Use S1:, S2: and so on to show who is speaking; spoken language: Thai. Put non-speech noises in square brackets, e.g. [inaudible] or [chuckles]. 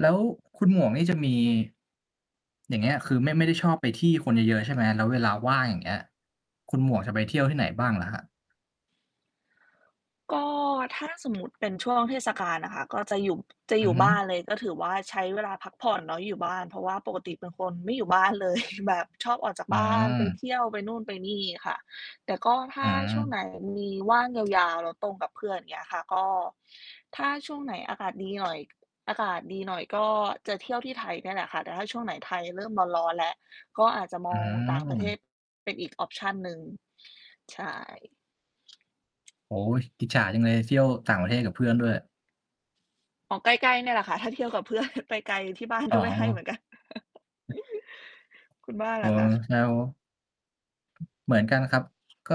S1: แล้วคุณหมวกนี่ จะมี อย่างเงี้ย คือไม่ ไม่ได้ชอบไปที่คนเยอะ ๆ ใช่ไหม แล้วเวลาว่างอย่างเงี้ย คุณหมวกจะไปเที่ยวที่ไหนบ้างเหรอครับ?
S2: ก็ ถ้า สมมุติเป็นช่วงเทศกาลอะค่ะ ก็จะอยู่ จะ
S1: อ
S2: อ
S1: ื
S2: ยู
S1: อ
S2: ่
S1: ฮ
S2: บ
S1: ึ
S2: ้านเลย ก็ถือว่าใช้เวลาพักผ่อนเนาะอยู่บ้านเพราะว่า ปกติเป็นคนไม่อยู่บ้าน เลย แบบชอบออกจาก
S1: อื
S2: บ้านไปเ
S1: ม
S2: ที่ยวไปนู่นไปนี่ค่ะ แต่ก็ถ
S1: อ
S2: ้
S1: ื
S2: าช่วงไ
S1: ม
S2: หนมีว่างยาว ๆ แล้วตรงกับเพื่อนอย่างเงี้ยค่ะ ก็ถ้าช่วงไหนอากาศดีหน่อย อากาศดีหน่อยก็จะเที่ยวที่ไทยนี่แหละค่ะ แต่ถ้าช่วงไหนไทยเริ่มร้อน ๆ แล้ว ก็อาจจะม
S1: อื
S2: อง ต่างประเท
S1: ม
S2: ศเป็นอีก ออปชัน หนึ่ง ใช่
S1: โอ้โฮ อิจฉาจังเลยเที่ยวต่างประเทศกับเพื่อนด้วย
S2: อ๋อ ใกล้ ๆ เนี่ยแหละคะ ถ้าเที่ยวกับ เพื่อน ไปไกลที่บ้าน
S1: อ๋
S2: ก็ไม่ให้เหมื
S1: อ
S2: อนกัน [chuckles] คุณบ้าน
S1: อ๋
S2: ล่
S1: อ
S2: ะคะ?
S1: [unintelligible] เหมือนกันครับ ก็